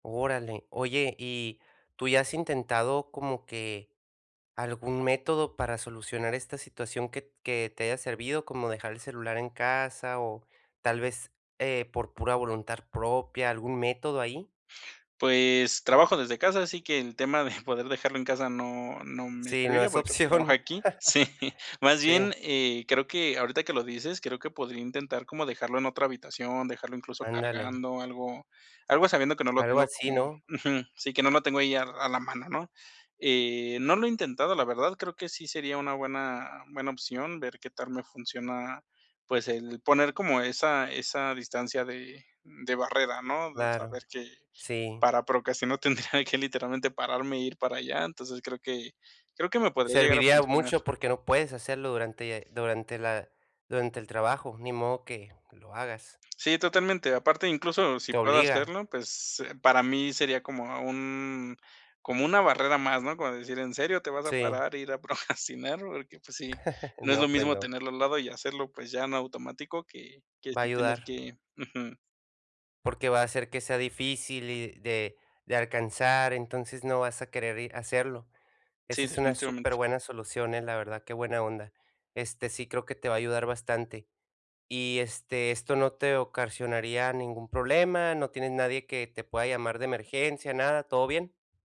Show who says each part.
Speaker 1: Órale. Oye, ¿y tú ya has intentado como que algún método para solucionar esta situación que t que te haya servido, como dejar el celular en casa o tal vez, eh, por pura voluntad propia, algún método ahí?
Speaker 2: Pues trabajo desde casa, así que el tema de poder dejarlo en casa no no me
Speaker 1: Sí, no
Speaker 2: serviría
Speaker 1: es
Speaker 2: porque pues trabajo
Speaker 1: opción.
Speaker 2: aquí. Sí, más
Speaker 1: Sí.
Speaker 2: bien, eh, creo que ahorita que lo dices, creo que podría intentar como dejarlo en otra habitación, dejarlo incluso
Speaker 1: Ándale.
Speaker 2: cargando algo algo sabiendo que no lo
Speaker 1: Algo
Speaker 2: tengo como
Speaker 1: así, ¿no?
Speaker 2: Ujú, sí, que no lo tengo ahí a a la mano, ¿no?, eh, no lo he intentado, la verdad, creo que sí sería una buena buena opción ver qué tal me funciona, pues el poner como esa esa distancia de de barrera, ¿no? De
Speaker 1: Claro,
Speaker 2: saber que
Speaker 1: sí.
Speaker 2: para procrastinar tendría que literalmente pararme e ir para allá. Entonces creo que creo que me podría llegar a
Speaker 1: Serviría
Speaker 2: funcionar.
Speaker 1: mucho porque no puedes hacerlo durante durante la durante el trabajo, ni modo que lo hagas.
Speaker 2: Sí, totalmente. Aparte, incluso si
Speaker 1: Te
Speaker 2: puedo
Speaker 1: obliga.
Speaker 2: hacerlo, pues para mí sería como a un como una barrera más, ¿no? Como decir: "¿En serio te vas a
Speaker 1: Sí.
Speaker 2: parar e ir a procrastinar?" Porque, pues sí, no es lo
Speaker 1: No, pues
Speaker 2: mismo
Speaker 1: no.
Speaker 2: tenerlo al lado y hacerlo, pues ya en automático, que que
Speaker 1: Va a
Speaker 2: sí tener
Speaker 1: ayudar.
Speaker 2: que Ujú.
Speaker 1: Porque va a hacer que sea difícil y de de alcanzar, entonces no vas a querer ir a hacerlo. Esa
Speaker 2: Sí,
Speaker 1: es una
Speaker 2: definitivamente.
Speaker 1: superbuena solución, eh, la verdad, qué buena onda, este, sí creo que te va a ayudar bastante. Y, este, ¿esto no te ocasionaría ningún problema?, ¿no tienes nadie que te pueda llamar de emergencia, nada, todo bien?